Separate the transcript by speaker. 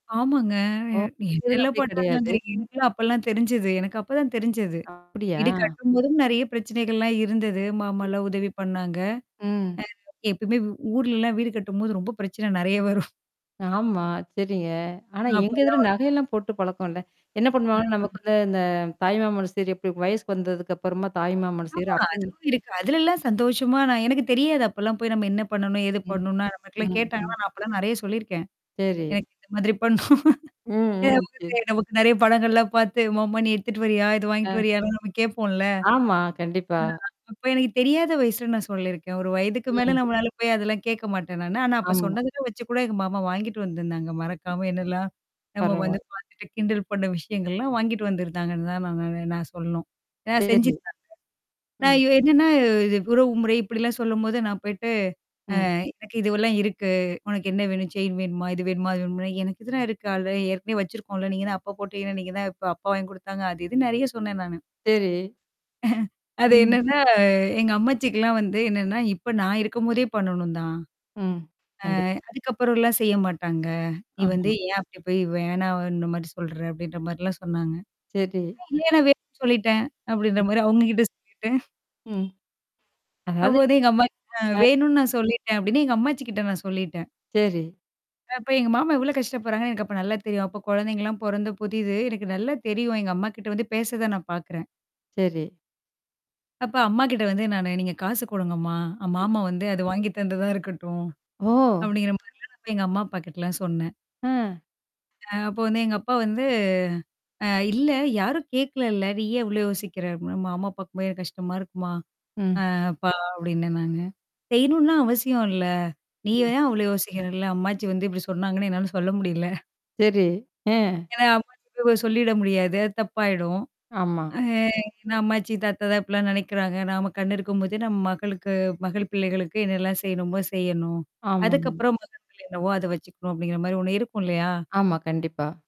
Speaker 1: ஆமாங்க.
Speaker 2: ஓ!
Speaker 1: நீ
Speaker 2: உங்க இதுல
Speaker 1: என்னால்லாம்
Speaker 2: அப்டி கிடையாது?
Speaker 1: பண்ணாங்கங்கிறீங்க? எனக்குலாம் அப்பலாம் தெரிஞ்சது எனக்கு அப்ப தான் தெரிஞ்சது.
Speaker 2: அப்டியா?
Speaker 1: இது கட்டும்போதும் நெறையா பிரச்சனைகள்லாம் இருந்தது.
Speaker 2: ம்.
Speaker 1: மாமால்லாம் உதவி பண்ணாங்க.
Speaker 2: ம்.
Speaker 1: அம், எப்பயுமே ஊர்லலாம் வீடு கட்டும்போது ரொம்ப பிரச்சனை நெறையா வரும்.
Speaker 2: ஆமா. சரிங்க. ஆனா எங்க இதுல
Speaker 1: அப்பதான்.
Speaker 2: நகையெல்லாம் போட்டு பழக்கம் இல்ல. என்னா பண்ணுவாங்கன்னா, நமக்கு
Speaker 1: [unintelligible]
Speaker 2: வந்து இந்த தாய் மாமன் சீரு எப்டி? வயசுக்கு வந்ததுக்கு அப்புறமா தாய் மாமன் சீரு
Speaker 1: ஆமா.
Speaker 2: அப்ப
Speaker 1: அதுவும் இருக்கு. அதுலலாம் சந்தோஷமா நான் எனக்கு தெரியாது. அப்பலாம் போய் நம்ம என்னா பண்ணணும்? ஏது
Speaker 2: ம்,
Speaker 1: பண்ணும்ன்னா நமக்கெல்லாம்
Speaker 2: ம்
Speaker 1: கேட்டாங்கன்னா,
Speaker 2: ம்.
Speaker 1: நான் அப்பலாம் நெறையா சொல்லியிருக்கேன்.
Speaker 2: சரி.
Speaker 1: எனக்கு இந்த மாதிரி பண்ணணும். ஏன்னா
Speaker 2: ம் ம்.
Speaker 1: நமக்கு
Speaker 2: சரி.
Speaker 1: தெ நமக்கு நெறைய படங்கள்லாம் பாத்து மாமா நீ எடுத்துட்டு வர்றியா? இது வாங்கீட்டு
Speaker 2: அ.
Speaker 1: வரியான்னுலாம் நம்ம கேப்போம்ல!
Speaker 2: ஆமா, கண்டிப்பா.
Speaker 1: ஆ அப்ப எனக்கு தெரியாத வயசுல நான் சொல்லியிருக்கேன். ஒரு வயதுக்கு மேல
Speaker 2: ம்.
Speaker 1: நம்மளால போயி அதெல்லாம் கேக்க மாட்டேன் நானு. ஆனா அப்ப
Speaker 2: ஆமா.
Speaker 1: சொன்னதுல வச்சு கூட எங்க மாமா வாங்கிட்டு வந்திருந்தாங்க. மறக்காம என்னாலாம்? நம்ம வந்து
Speaker 2: பரவால்ல.
Speaker 1: பாத்துட்டு கிண்டல் பண்ண விஷயங்கள்லாம் வாங்கிட்டு வந்திருந்தாங்கன்னு தான், நான் நான் சொல்லணும். ஆ
Speaker 2: சரி.
Speaker 1: செஞ்சுருதாங்க நான்
Speaker 2: ம்.
Speaker 1: இ என்னான்னா இது உறவு முறை இப்படிலாம் சொல்லும்போது, நான் போய்ட்டு. அ,
Speaker 2: ம்.
Speaker 1: எனக்கு இதுவெல்லாம் இருக்கு. உனக்கு என்னா வேணும்? செயின் வேணுமா? இது வேணுமா? அது வேணுமான்னா, எனக்கு இதுல்லாம் இருக்கு. அல்ரெடி ஏற்கனவே வச்சிருக்கோம்ல, நீங்க தான் அப்ப போட்டீங்கல்ல! ஏன நீங்க தான் இப்ப அப்பா வாங்கி குடுத்தாங்க. அது இதுன்னு நெறையா சொன்னேன் நானு.
Speaker 2: சரி.
Speaker 1: அது
Speaker 2: ம்.
Speaker 1: என்னான்னா? எங்க அம்மாச்சிக்குலாம் வந்து என்னான்னா, "இப்ப நான் இருக்கும்போதே பண்ணணும் தான்?
Speaker 2: ம்.
Speaker 1: அ
Speaker 2: கண்டிப்பா.
Speaker 1: அதுக்கப்புறம்லாம் செய்ய மாட்டாங்க. நீ வந்து
Speaker 2: ஆமா.
Speaker 1: ஏன் அப்டிபோய் வேணாம்ன்ற மாரி சொல்ற?" அப்டின்ற மாரிலாம் சொன்னாங்க.
Speaker 2: சரி.
Speaker 1: [unintelligible] சொல்லிட்டேன் அப்டின்ற
Speaker 2: ம்.
Speaker 1: மாரி அவுங்க கிட்ட சொல்லிட்டேன்
Speaker 2: ம்.
Speaker 1: அப்போ
Speaker 2: அதாவது.
Speaker 1: வந்து எங்க அம்மா [unintelligible] "அ
Speaker 2: ஆ.
Speaker 1: வேணும்னு நான் சொல்லிட்டேன்" அப்டின்னு, எங்க அம்மாச்சி கிட்ட நான் சொல்லிட்டேன்.
Speaker 2: சரி.
Speaker 1: அப்ப எங்க மாமா எவ்வளோ கஷ்டப்படுறாங்கன்னு எனக்கு அப்ப நல்லா தெரியும். அப்ப கொழந்தைங்கலாம் பொறந்த புதிது. எனக்கு நல்லா தெரியும். எங்க அம்மாகிட்ட வந்து பேசறத நான் பாக்குறேன்.
Speaker 2: சரி.
Speaker 1: அப்ப அம்மாகிட்ட வந்து நானு நீங்க காசு குடுங்கம்மா? அ
Speaker 2: ம்.
Speaker 1: மாமா வந்து அத வாங்கி தந்ததா இருக்கட்டும்.
Speaker 2: ஓ!
Speaker 1: அப்படிங்கிற மாரிலாம் நான் வந்து எங்க அம்மா அப்பா கிட்டலாம் சொன்னேன்.
Speaker 2: அ.
Speaker 1: அ அப்போ வந்து எங்க அப்பா வந்து. அ "இல்ல யாரும் கேக்கல இல்ல! நீயேன் இவ்ளோ யோசிக்கிற?" அப்படினா மாமா பாக்கும்போது ரொம்ப கஷ்டமா இருக்கும்மா?
Speaker 2: ம்.
Speaker 1: அ அப்பா அப்டின்னேன் நானு. "செய்யணும்ன்லாம் அவசியம் இல்ல. நீயே
Speaker 2: ம்.
Speaker 1: தான் அவ்ளோ யோசிக்கிறல்ல" அம்மாச்சி வந்து இப்டி சொன்னாங்கன்னு என்னால சொல்ல முடியல.
Speaker 2: சரி. அ.
Speaker 1: ஏன்னா அம்மாச்சிட்ட போயி சொல்லிட முடியாது. அது தப்பாயிடும்.
Speaker 2: ஆமா.
Speaker 1: அ ஏன்னா அம்மாச்சி, தாத்தா தான் இப்பிடிலாம் நெனைக்கிறாங்க. நாம கண்ணு இருக்கும்போதே நம்ம மகளுக்கு மகள் பிள்ளைகளுக்கு என்னால்லாம் செய்யணுமோ, செய்யணும்.
Speaker 2: ஆமாங்க.
Speaker 1: அதுக்கப்புறம் மகன் பிள்ளை என்னவோ அத வச்சுக்கணும் அப்படிங்கிற மாரி ஒண்ணு இருக்கும் இல்லையா?
Speaker 2: ஆமா. கண்டிப்பா.